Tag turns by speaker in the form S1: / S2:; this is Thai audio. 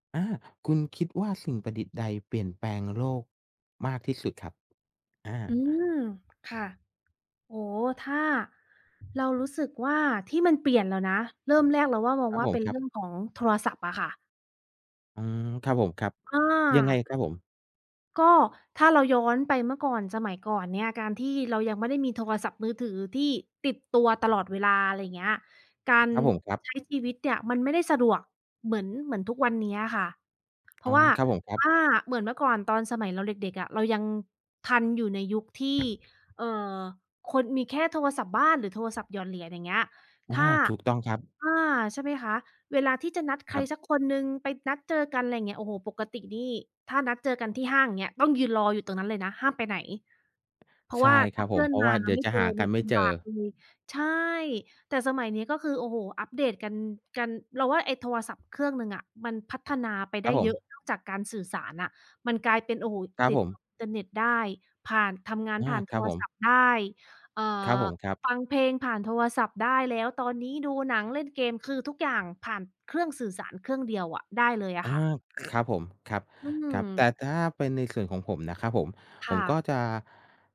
S1: อา คุณคิดว่าสิ่งประดิษฐ์ใดเปลี่ยนแปลงโลกมากที่สุดครับ? อ
S2: อื
S1: า
S2: ม ค่ะ โอ้ ถ้า เรารู้สึกว่าที่มันเปลี่ยนแล้วนะ เริ่มแรกเราว่ามอง
S1: ครับ
S2: ว่า
S1: ผ
S2: เป
S1: ม
S2: ็น
S1: ค
S2: เร
S1: ร
S2: ื
S1: ั
S2: ่
S1: บ
S2: องของโทรศัพท์อะค่ะ
S1: อืม ครับผม ครับ
S2: อ
S1: ยังไง
S2: า
S1: ครับผม?
S2: ก็ถ้าเราย้อนไปเมื่อก่อน สมัยก่อนเนี่ย การที่เรายังไม่ได้มีโทรศัพท์มือถือที่ติดตัวตลอดเวลา อะไรอย่างเงี้ย การ
S1: ครับผม ครับ
S2: ใช้ชีวิตเนี่ยมันไม่ได้สะดวก เหมือน เหมือนทุกวันเนี้ยอะค่ะ เพ
S1: อ
S2: ร
S1: ๋
S2: า
S1: อ
S2: ะว่า
S1: ครับผม ครับ
S2: อา เหมือนเมื่อก่อนตอนสมัยเราเด็ก ๆ อะ เรายังทันอยู่ในยุคที่ เอ่อ คนมีแค่โทรศัพท์บ้าน หรือโทรศัพท์หยอดเหรียญ อย่างเงี้ย
S1: อ
S2: ถ้
S1: า
S2: า
S1: ถูกต้องครับ
S2: อา ใช่ไหมคะ? เวลาที่จะนัดใค
S1: คร
S2: ร
S1: ับ
S2: สักคนหนึ่งไปนัดเจอกัน ไรเงี้ย โอ้โฮ ปกตินี่ถ้านัดเจอกันที่ห้าง อย่างเงี้ย ต้องยืนรออยู่ตรงนั้นเลยนะห้ามไปไหน เพรา
S1: ใ
S2: ะ
S1: ช
S2: ว
S1: ่
S2: ่า
S1: ค
S2: ถ
S1: ร
S2: ้
S1: ั
S2: า
S1: บ
S2: เพ
S1: ผ
S2: ื่
S1: ม
S2: อ
S1: เ
S2: น
S1: พราะ
S2: ม
S1: ว่
S2: า
S1: า
S2: แล
S1: เด
S2: ้
S1: ี
S2: ว
S1: ๋ย
S2: ไ
S1: ว
S2: ม่
S1: จะ
S2: เจ
S1: หา
S2: อ
S1: ก
S2: เน
S1: ั
S2: ี่
S1: น
S2: ย
S1: ไม่
S2: ล
S1: เจอ
S2: ำบากเลย ใช่ แต่สมัยนี้ก็คือ โอ้โฮ อัปเดต กัน กัน เราว่าไอ้โทรศัพท์เครื่องหนึ่งอะมันพัฒนาไป
S1: ค
S2: ไ
S1: ร
S2: ด
S1: ั
S2: ้
S1: บผ
S2: เยอะ
S1: ม
S2: นอกจากการสื่อสารอะ มันกลายเป็น โอ้โฮ
S1: ครับ
S2: ติ
S1: ผ
S2: ด
S1: ม
S2: อินเทอร์เน็ตได้ ผ่าน ทำงาน
S1: อา
S2: ผ่าน
S1: ค
S2: โ
S1: ร
S2: ท
S1: ับ
S2: ร
S1: ผม
S2: ศัพท์ได้ เอ่
S1: ครับผ
S2: อ
S1: ม ครับ
S2: ฟังเพลงผ่านโทรศัพท์ได้ แล้วตอนนี้ดูหนังเล่นเกม คือทุกอย่างผ่านเครื่องสื่อสารเครื่องเดียวอะได้เลยอ
S1: อ
S2: ะ
S1: า
S2: ค่ะ
S1: ครับผม ครับ
S2: อื
S1: ครับ แต่
S2: ม
S1: ถ้าเป็นในส่วนของผมนะครับผม
S2: ค
S1: ผ
S2: ่
S1: มก
S2: ะ
S1: ็จะ